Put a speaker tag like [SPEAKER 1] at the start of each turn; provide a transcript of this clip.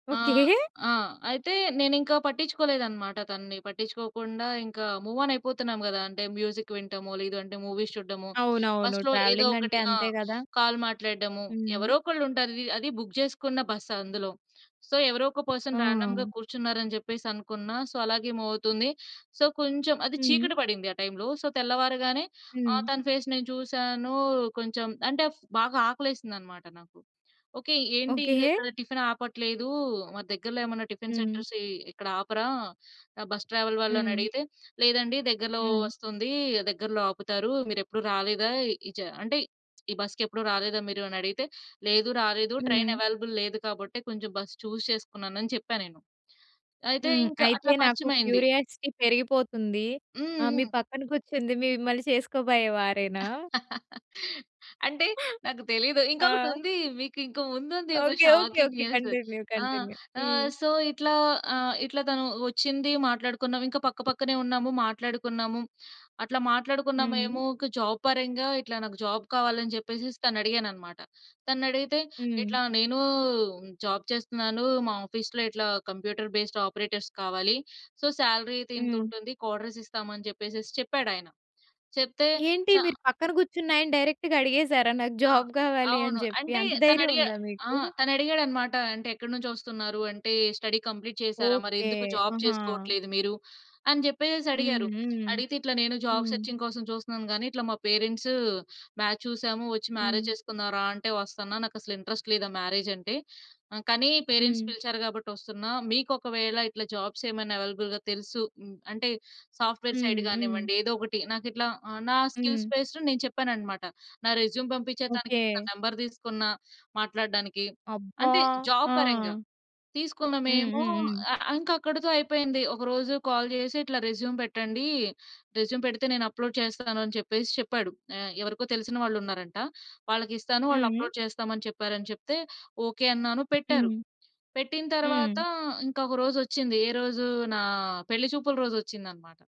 [SPEAKER 1] Okay.
[SPEAKER 2] ఆహ్, ఆ! అయితే నేనింకా పట్టించుకోలేదు అన్నమాట తనని. పట్టించుకోకుండా ఇంకా మూవ్ ఆన్ అయిపోతున్నాం గదా! అంటే మ్యూజిక్ వినటము లేదంటే మూవీస్ చూడటము.
[SPEAKER 1] అవునవును.
[SPEAKER 2] బస్‌లొ ఏదో
[SPEAKER 1] ట్రావెలింగ్
[SPEAKER 2] ఒకటి
[SPEAKER 1] అంటే
[SPEAKER 2] ఆ!
[SPEAKER 1] అంతే గదా!
[SPEAKER 2] కాల్ మాట్లాడడము.
[SPEAKER 1] హ్మ్.
[SPEAKER 2] ఎవరోకళ్ళు ఉంటారు. వి అది బుక్ చేసుకున్న బస్ అందులో. సో ఎవరో ఒక పర్సన్ రాండమ్‌గా
[SPEAKER 1] ఆ!
[SPEAKER 2] కూర్చున్నారు అని చెప్పేసి అనుకున్న. సో అలాగే మూవ్ అవుతుంది. సో కొంచెం అది
[SPEAKER 1] హ్మ్.
[SPEAKER 2] చీకటి పడింది ఆ టైమ్‌లొ. సో తెల్లవారగానే
[SPEAKER 1] హ్మ్.
[SPEAKER 2] ఆహ్, తన ఫేస్ నేను చూసాను. కొంచెం అంటే బాగా ఆకలేసింది అన్నమాట నాకు. ఓకే. ఏంటి ఇంకా
[SPEAKER 1] ఓకే.
[SPEAKER 2] ఇక్కడ టిఫిన్ ఆపట్లేదు మా దగ్గరలో ఏమన్నా టిఫిన్
[SPEAKER 1] హ్మ్.
[SPEAKER 2] సెంటర్స్ ఇక్కడ ఆపరా! బస్ ట్రావెల్ వాళ్ళు
[SPEAKER 1] హ్మ్.
[SPEAKER 2] అనడిగితే. లేదండి దగ్గరలో
[SPEAKER 1] హ్మ్.
[SPEAKER 2] వస్తుంది, దగ్గరలో ఆపుతారు. మీరెప్పుడు రాలేదా? ఇజ అంటే ఈ బస్‌కెప్పుడు రాలేదా మీరు అని అడిగితే. లేదు, రాలేదు. ట్రైన్
[SPEAKER 1] హ్మ్.
[SPEAKER 2] అవైలబుల్ లేదు కాబట్టే కొంచెం బస్ చూస్ చేసుకున్నాను అని చెప్పా నేను. అయితే
[SPEAKER 1] హ్మ్.
[SPEAKER 2] ఇంక
[SPEAKER 1] అయితే
[SPEAKER 2] అట్లా
[SPEAKER 1] నాకు
[SPEAKER 2] పరిచమైంది.
[SPEAKER 1] క్యూరియాసిటీ పెరిగిపోతుంది. ఆహ్,
[SPEAKER 2] హ్మ్.
[SPEAKER 1] మీ
[SPEAKER 2] హ్మ్.
[SPEAKER 1] పక్కన కూర్చుంది మిమ్మల్ని చేసుకోబోయే వారేనా?
[SPEAKER 2] అంటే నాకు తెలిదు.
[SPEAKER 1] ఆ!
[SPEAKER 2] ఇంకొకటుంది. మీకు ఇంకా ముందుంది ఒక
[SPEAKER 1] okay. Okay.
[SPEAKER 2] Shocking
[SPEAKER 1] okay.
[SPEAKER 2] News.
[SPEAKER 1] Continue.
[SPEAKER 2] ఆహ్,
[SPEAKER 1] కంటిన్యూ. హ్మ్.
[SPEAKER 2] ఆహ్, సో ఇట్లా ఆహ్, ఇట్లా తను వచ్చింది, మాట్లాడుకున్నాం. ఇంకా పక్క పక్కనే ఉన్నాము, మాట్లాడుకున్నాము. అట్లా
[SPEAKER 1] హ్మ్.
[SPEAKER 2] మాట్లాడుకున్నామేమో ఒక జాబ్ పరంగా ఇట్లా నాకు జాబ్ కావాలి అని చెప్పేసెసి తన అడిగానన్నమాట. తనని అడిగితే
[SPEAKER 1] హ్మ్.
[SPEAKER 2] ఇట్లా నేను జాబ్ చేస్తున్నాను మా ఆఫీసులో ఇట్లా కంప్యూటర్ బేస్డ్ ఆపరేటర్స్ కావాలి. సో సాలరీ ఇది
[SPEAKER 1] హ్మ్.
[SPEAKER 2] ఇంతుంటుంది. క్వార్టర్స్ ఇస్తాము అని చెప్పేసేసి చెప్పాడాయన. చెప్తే
[SPEAKER 1] ఏంటి
[SPEAKER 2] చ
[SPEAKER 1] మీరు పక్కన కూర్చున్నాయన్ని డైరెక్ట్‌గా అడిగేసారా? నాకు
[SPEAKER 2] ఆ!
[SPEAKER 1] జాబ్ గావాలి అని
[SPEAKER 2] అవును.
[SPEAKER 1] చెప్పి.
[SPEAKER 2] అంటే
[SPEAKER 1] అంత ధైర్యం
[SPEAKER 2] తనడిగ
[SPEAKER 1] ఉందా మీకు?
[SPEAKER 2] ఆహ్, తనడిగాడనమాట, అంటే ఎక్కడి నుంచి వస్తున్నారు అంటే స్టడీ కంప్లీట్ చేసారా? మరి
[SPEAKER 1] ఓకే.
[SPEAKER 2] ఎందుకు జాబ్
[SPEAKER 1] ఆహా!
[SPEAKER 2] చేసుకోవట్లేదు మీరు అని చెప్పేసేసి
[SPEAKER 1] హ్మ్.
[SPEAKER 2] అడిగారు.
[SPEAKER 1] హ్మ్.
[SPEAKER 2] అడిగితే ఇట్లా నేను జాబ్
[SPEAKER 1] హ్మ్.
[SPEAKER 2] సెర్చింగ్ కోసం చూస్తున్నాను గానీ ఇట్లా మా పేరెంట్స్ మాచ్ చూసాము వచ్చి మ్యారేజ్
[SPEAKER 1] హ్మ్.
[SPEAKER 2] చేసుకుందాం రా! అంటే వస్తన్న, నాకసలు ఇంట్రెస్ట్ లేదు ఆ మ్యారేజ్ అంటే ఆహ్, కానీ పేరెంట్స్
[SPEAKER 1] హ్మ్.
[SPEAKER 2] పిలిచారు కాబట్టి ఒస్తున్న. మీకొకవేళ ఇట్లా జాబ్స్ ఏమైనా అవైలబుల్‌గా తెలుసు అంటే సాఫ్ట్‌వేర్
[SPEAKER 1] హ్మ్.
[SPEAKER 2] సైడ్
[SPEAKER 1] హ్మ్.
[SPEAKER 2] గానివ్వండి ఏదో ఒకటి. నాకు ఇట్లా నా స్కిల్స్
[SPEAKER 1] హ్మ్.
[SPEAKER 2] బేస్డ్ నేను చెప్పానన్నమాట. నా రెస్యూమ్ పంపిచా తనకి, తన
[SPEAKER 1] ఓకే.
[SPEAKER 2] నంబర్ తీసుకున్న మాట్లాడడానికి
[SPEAKER 1] అబ్బా!
[SPEAKER 2] అంటే జాబ్ పరంగా.
[SPEAKER 1] ఆ!
[SPEAKER 2] తీసుకున్న
[SPEAKER 1] హ్మ్.
[SPEAKER 2] మేము
[SPEAKER 1] హ్మ్. హ్మ్.
[SPEAKER 2] ఆహ్, ఇంకా అక్కడితో అయిపోయింది. ఒకరోజు కాల్ జేసి ఇట్లా రెస్యూమ్ పెట్టండి, రెస్యూమ్ పెడితే నేను అప్‌లోడ్ చేస్తాను అని చెప్పేసి చెప్పాడు. ఆహ్, ఎవరికో తెలిసిన వాళ్ళున్నారంట. వాళ్ళకిస్తాను వాళ్ళు
[SPEAKER 1] హ్మ్.
[SPEAKER 2] అప్‌లోడ్ చేస్తాం అని చెప్పారు అని చెప్తే. ఓకే అన్నాను, పెట్టారు.
[SPEAKER 1] హ్మ్.
[SPEAKER 2] పెట్టిన తరువాత
[SPEAKER 1] హ్మ్.
[SPEAKER 2] ఇంక ఒక రోజొచ్చింది. ఏరోజు నా పెళ్లి చూపుల రోజొచ్చిందనమాట.